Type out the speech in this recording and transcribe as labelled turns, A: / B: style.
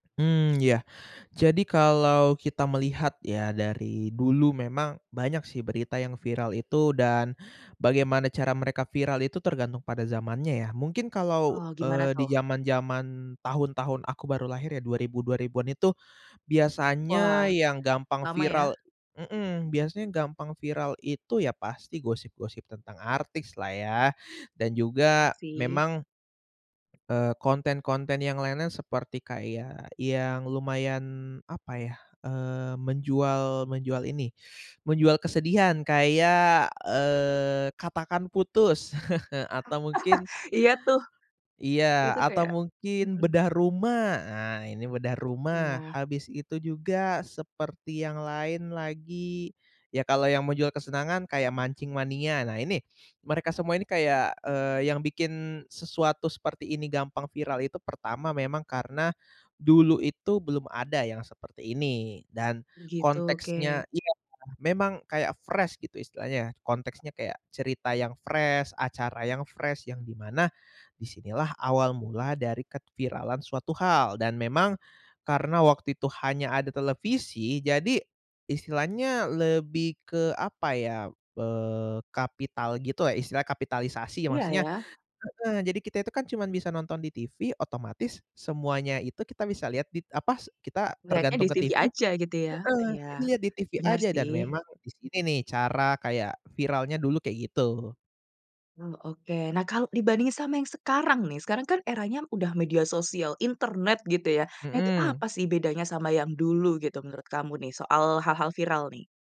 A: Mmm, ya, jadi kalau kita melihat ya dari dulu memang banyak sih berita yang viral itu dan bagaimana cara mereka viral itu tergantung pada zamannya, ya. Mungkin kalau,
B: Oh, gimana,
A: eee, di
B: tuh?
A: zaman-zaman tahun-tahun aku baru lahir ya, dua ribu dua ribuan itu, biasanya
B: Wah,
A: yang gampang
B: lama, ya.
A: viral mhm, biasanya gampang viral itu ya pasti gosip-gosip tentang artis lah ya, dan
B: Ya,
A: juga
B: sih.
A: memang, eee, konten-konten yang lain-lain seperti kayak yang lumayan, apa ya, eee, menjual menjual ini, menjual kesedihan kayak, eee, Katakan Putus atau mungkin
B: Iya, tuh.
A: iya,
B: Itu
A: atau
B: kayak
A: mungkin
B: mhm.
A: Bedah Rumah. Ah, ini Bedah Rumah,
B: Iya.
A: habis itu juga seperti yang lain lagi, ya, kalau yang menjual kesenangan kayak Mancing Mania, nah, ini mereka semua ini kayak, eee, yang bikin sesuatu seperti ini gampang viral itu pertama, memang karena dulu itu belum ada yang seperti ini dan
B: Gitu, oke.
A: konteksnya iya, memang kayak fresh, gitu, istilahnya. Konteksnya kayak cerita yang fresh, acara yang fresh, yang di mana, di sinilah awal mula dari keviralan suatu hal, dan memang karena waktu itu hanya ada televisi. Jadi istilahnya lebih ke, apa ya, eee, kapital gitu lah ya, istilah kapitalisasi
B: Iya,
A: maksudnya
B: ya.
A: heeh, jadi kita itu kan cuman bisa nonton di TV, otomatis semuanya itu kita bisa lihat dit apa s kita
B: Lihatnya
A: tergantung
B: di
A: ke
B: TV
A: TV
B: aja,
A: heeh
B: gitu, ya. Ya,
A: jadi lihat di TV
B: bener,
A: aja dan
B: sih.
A: memang di sini nih cara kayak viralnya dulu kayak gitu.
B: Oh, oke. Nah, kalau dibandingin sama yang sekarang nih, sekarang kan eranya udah media sosial, internet, gitu ya. Itu
A: Mhm.
B: apa sih bedanya sama yang dulu gitu, menurut kamu nih, soal hal-hal viral, nih?